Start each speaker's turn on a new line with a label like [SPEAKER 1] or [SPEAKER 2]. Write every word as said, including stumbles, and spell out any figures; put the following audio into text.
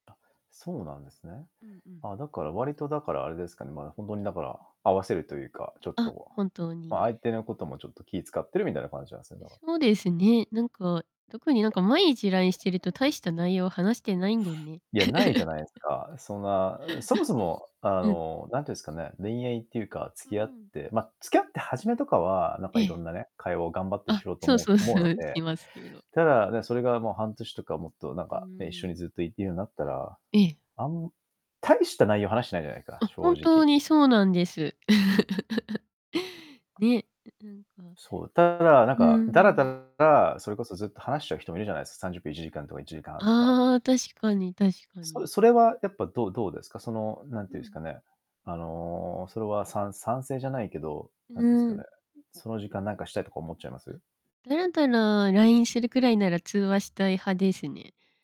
[SPEAKER 1] あ、そうなんですね。
[SPEAKER 2] うん、うん。
[SPEAKER 1] あ、だから割とだから、あれですかね。まあ、ほんとにだから、合わせるというか、ちょっ
[SPEAKER 2] あ、
[SPEAKER 1] と、
[SPEAKER 2] 本当
[SPEAKER 1] まあ、
[SPEAKER 2] に。
[SPEAKER 1] 相手のこともちょっと気使ってるみたいな感じなんすね、
[SPEAKER 2] え、
[SPEAKER 1] だか
[SPEAKER 2] そうですね、なんか、特になんか毎日 LINE してると、大した内容話してないんだよね。
[SPEAKER 1] いや、ないじゃないですか。そんな、あ、そもそも、あ
[SPEAKER 2] うん。
[SPEAKER 1] の、なんて言うんすかね、恋愛っていうか、付
[SPEAKER 2] う
[SPEAKER 1] き合っ
[SPEAKER 2] ん。
[SPEAKER 1] てま、付き合って初めとかは、なん
[SPEAKER 2] え
[SPEAKER 1] か色
[SPEAKER 2] え。
[SPEAKER 1] んなね、会話を頑張ってし
[SPEAKER 2] あ、
[SPEAKER 1] ようと
[SPEAKER 2] そう
[SPEAKER 1] 思う
[SPEAKER 2] そう、
[SPEAKER 1] 思
[SPEAKER 2] そ
[SPEAKER 1] うの
[SPEAKER 2] れ
[SPEAKER 1] で。
[SPEAKER 2] しますけど。
[SPEAKER 1] ただ、ね、それがもう半年とかもっとなん
[SPEAKER 2] うー
[SPEAKER 1] か、ね、一緒
[SPEAKER 2] ん。
[SPEAKER 1] にずっといいるようになったら、
[SPEAKER 2] ええ。
[SPEAKER 1] あん大した内容話してないじゃないか、
[SPEAKER 2] あ、
[SPEAKER 1] 正
[SPEAKER 2] 本当
[SPEAKER 1] 直。
[SPEAKER 2] にそうなんです。ね、んん、あ
[SPEAKER 1] そう、ただ、なん
[SPEAKER 2] う
[SPEAKER 1] か、だらだ
[SPEAKER 2] ん。
[SPEAKER 1] ら、それこそずっと話しちゃう人もいるじゃないですか。さんじゅっぷん、いちじかんとかいちじかんはんとか
[SPEAKER 2] ああ、確かに、確か
[SPEAKER 1] そ
[SPEAKER 2] に。
[SPEAKER 1] れそれは、やっぱどうどうですか？その、なんて
[SPEAKER 2] う
[SPEAKER 1] 言うんす
[SPEAKER 2] ん。
[SPEAKER 1] かね、あの、それは賛賛成じゃないけど、
[SPEAKER 2] う
[SPEAKER 1] な
[SPEAKER 2] う
[SPEAKER 1] んて言うんすかね、
[SPEAKER 2] ん。
[SPEAKER 1] その時間なんかしたいとか思っちゃいま
[SPEAKER 2] あ、
[SPEAKER 1] す？
[SPEAKER 2] たらんたな LINE するくらいなら、通話したい派ですね。